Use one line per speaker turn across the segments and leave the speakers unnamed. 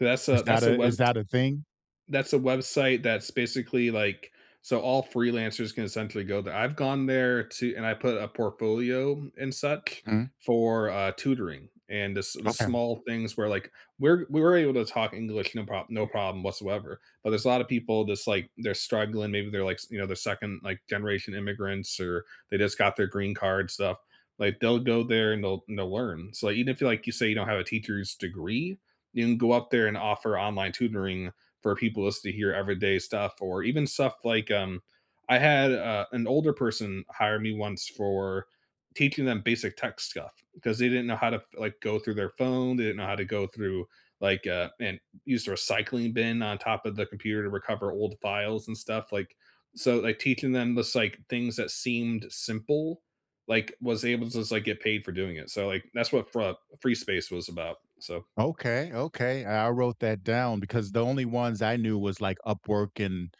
That's
Is
a
that
that's a
a is
webs
that a thing?
that's a website that's basically, like so all freelancers can essentially go ther I've gone there to and I put a portfolio and such
Mm.
for, uh, tutoring. And the s the
Okay.
small things were, like, were we were able to talk English no prob no problem whatsoever. But there's a lotta people that's, like they're struggling, maybe they're, like, s you know, they're 2nd, like, generation immigrants or they just got their green card stuff. Like, they'll go there and they'll and they'll learn. So, like, even if you, like, you say you don't have a teacher's degree, you can go up there and offer online tutoring for people as to hear everyday stuff or even stuff like, um I had, uh, an older person hire me once for teaching them basic tech stuff, 'cause they didn't know how to f like, go through their phone, they didn't know how to go through, like, uh and use the recycling bin on top of the computer to recover old files and stuff, like so, like, teaching them this, like, things that seemed simple, like, was able to just like get paid for doing it so, like, that's what Fra Freespace was about, so
Okay, okay, I wrote that down because the only ones I knew was like Upwork and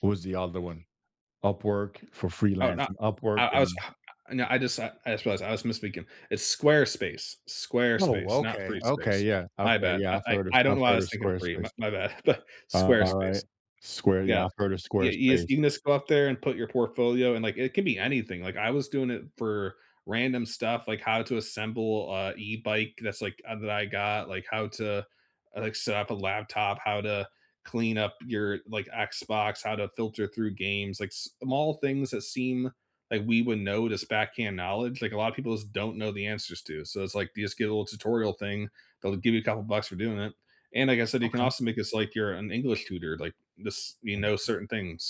what was the other one? Upwork for
Oh, no
freelancing Upwork
I I was
and
uh, no, I just I just realized I was misspeaking. It's Squarespace.
Oh,
Squarespace, not
okay. Okay,
Freespace.
yeah.
My
Okay,
bad.
yeah.
I
I've
I
heard of
I don't
I've
know why I
heard of
was thinking free, m
Squarespace.
my bad, but,
Alright.
Squarespace.
Square yeah,
Yeah.
I've heard of
Yeah, you just
Squarespace.
you can just go up there and put your portfolio and, like, it could be anything, like, I was doing it for random stuff, like how to assemble, uh, e-bike that's like uh, that I got, like, how to, like, s set up a laptop, how to clean up your, like, Xbox, how to filter through games, like, small things that seem like we would know it as "backhand knowledge," like, a lotta people just don't know the answers to, so it's like, you just get a little tutorial thing. They'll give you a couple bucks for doing it. And like I said, you can
Okay.
also make this like you're an English tutor, like, this you know certain things.